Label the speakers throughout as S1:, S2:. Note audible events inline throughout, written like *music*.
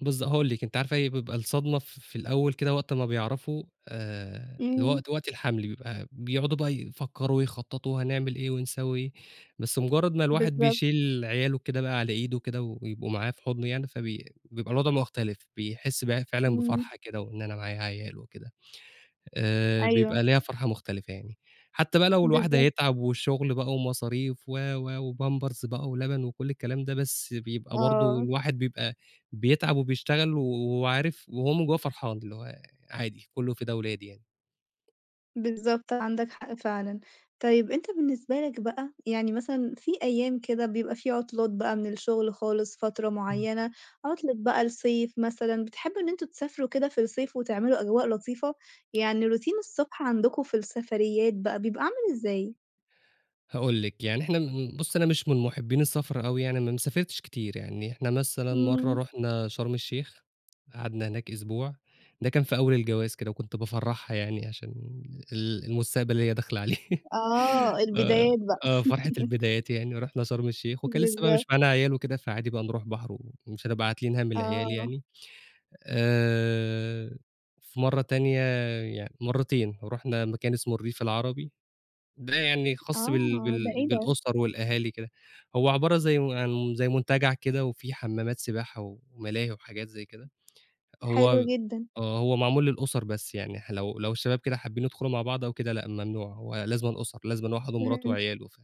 S1: بالض هاقول لِك، أنتِ عارفة إيه بيبقى الصدمة في في الأول كده، وقت ما بيعرفوا آآ
S2: إمم.
S1: الوقت، وقت الحَمل، بيبقى بيقعدوا بقى يفكّروا ويخططوا هنعمل إيه ونسوي إيه، بس مجرّد ما الواحد
S2: بالضبط.
S1: بيشيل عياله كده بقى على إيده كده، و ويبقوا معاه في حُضنه يعني، فبي بيبقى الوضع مختلف، بيحس بقى ه فعلًا
S2: إمم.
S1: بفرحة كده، وإن أنا معايا عيال وكده، آآ
S2: أيوه.
S1: بيبقى ليها فرحة مختلفة يعني، حتى بقى لو الواحد
S2: بالضبط.
S1: هيتعب، والشُغل بقى، ومصاريف، و، و، وpampers بقى، ولبن، وكل الكلام ده، بس بيبقى برضه
S2: آه.
S1: الواحد بيبقى بيتعب، وبيشتغل، و وعارف، وهو من جوّاه فرحان، اللي هو عادي، كلّه فدا ولادي يعني.
S2: بالضبط، عندك حق فعلًا، طيب أنت بالنسبة لك بقى، يعني مثلًا في أيام كده بيبقى في عُطلات بقى من الشُغل خالص، فترة
S1: إمم.
S2: معيّنة، عُطلة بقى الصيف مثلًا، بتحبوا إن أنتم تسافروا كده في الصيف وتعملوا أجواء لطيفة؟ يعني routine الصبح عندكم في السفريات بقى بيبقى عامل إزاي؟
S1: هاقول لِك يعني، إحنا م بُصّي، أنا مش من مُحبين السَفر أوي يعني، أنا ما سافرتش كتير يعني. إحنا مثلًا مرّة
S2: امم.
S1: رُحنا شرم الشيخ، قعدنا هناك أسبوع، ده كان في أول الجواز كده، وكنت بافرّحها يعني عشان ال ال المستقبل اللي هي داخلة عليه،
S2: آه،
S1: *laughs* ف
S2: البدايات بقى.
S1: آه فرحة
S2: *laughs*
S1: البدايات يعني. ورُحنا شرم الشيخ، وكان لسه بقى
S2: بالضبط.
S1: مش معانا عيال وكده، فعادي بقى نروح بحر، و ومش هنبقى عاتلين هَم العيال
S2: آه.
S1: يعني، آآ وفي مرّة تانية، يعني مرتين، رُحنا مكان اسمه الريف العربي، ده يعني خاص بال
S2: آه، ده
S1: بال
S2: إيه ده؟
S1: بالأسر والأهالي كده، هو عبارة زي و عن م زي منتجع كده، وفيه حمَّامات سباحة، و وملاهي وحاجات زي كده.
S2: حلو
S1: هو
S2: جدًا.
S1: آه، هو معمول للأسر، بس يعني ح لو، لو الشباب كده حابين يدخُلوا مع بعض أو كده، لأ ممنوع، هو لازمًا أُسر، لازمًا واحد ومراته
S2: فهمتك.
S1: وعياله، ف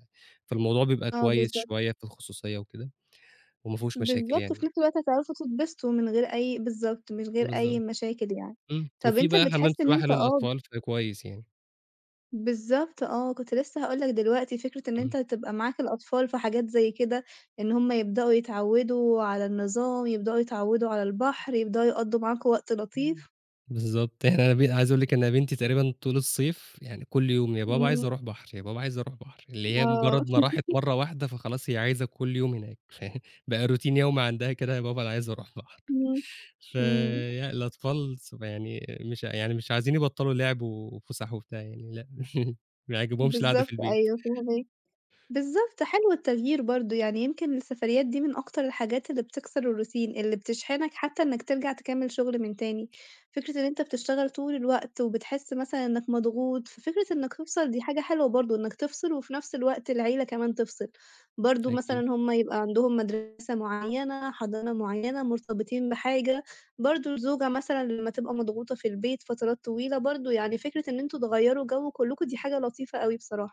S1: فالموضوع بيبقى
S2: آه،
S1: كويس
S2: بالضبط.
S1: شوية في الخصوصية وكده، وما فيهوش مشاكل
S2: بالضبط، وفي
S1: يعني.
S2: نفس الوقت هتعرفوا تتبسطوا من غير أي بالضبط، من غير أي
S1: بالضبط
S2: مشاكل يعني،
S1: إمم
S2: طَب
S1: وفيه
S2: أنت
S1: بقى حمام
S2: بتحس إن
S1: سباحة
S2: أنت أب
S1: للأطفال فده كويس يعني.
S2: بالضبط آه، كنت لسه هاقول لك دلوقتي، فكرة إن
S1: اهم.
S2: أنت تبقى معاك الأطفال في حاجات زي كده، إن هُم يبدؤوا يتعوّدوا على النظام، يبدؤوا يتعوّدوا على البحر، يبدؤوا يقضّوا معاكم وقت
S1: إمم
S2: لطيف.
S1: بالضبط، إحنا بن عايز أقول لِك إن أنا بنتي تقريبًا طول الصيف يعني كل يوم، يا بابا عايزة
S2: امم.
S1: أروح بحر، يا بابا عايزة أروح بحر، اللي هي
S2: آه.
S1: مجرّد ما راحت
S2: *laughs*
S1: مرّة واحدة فخلاص هي عايزة كل يوم هناك، فيعني بقى routine يومي عندها كده، يا بابا أنا عايزة أروح بحر،
S2: امم، إمم.
S1: فيعني الأطفال صغ يعني مش ع يعني مش عايزين يبطّلوا لِعب، و وفُسح وبتاع يعني، لأ *chuckles* ما يعجبهمش القعدة في
S2: بالضبط،
S1: البيت.
S2: أيوه فاهماك بالضبط، حلو التغيير برضه يعني، يمكن السفريات دي من أكتر الحاجات اللي بتكسر الroutine اللي بتشحنك حتى إنّك ترجع تكمّل شُغل من تاني. فكرة إن أنت بتشتغل طول الوقت، وبتحس مثلًا إنّك مضغوط، ففكرة إنّك تفصِل دي حاجة حلوة برضه، إنّك تفصِل، وفي نَفْس الوقت العيلة كمان تفصل، برضه مثلًا
S1: أكيد.
S2: هُم يبقى عندهم مدرسة معيّنة، حضانة معيّنة، مرتبطين بحاجة، برضه الزوجة مثلًا لمّا تبقى مضغوطة في البيت فترات طويلة، برضه يعني فكرة إن أنتم تغيروا جَو كلّكم دي حاجة لطيفة أوي بصراحة.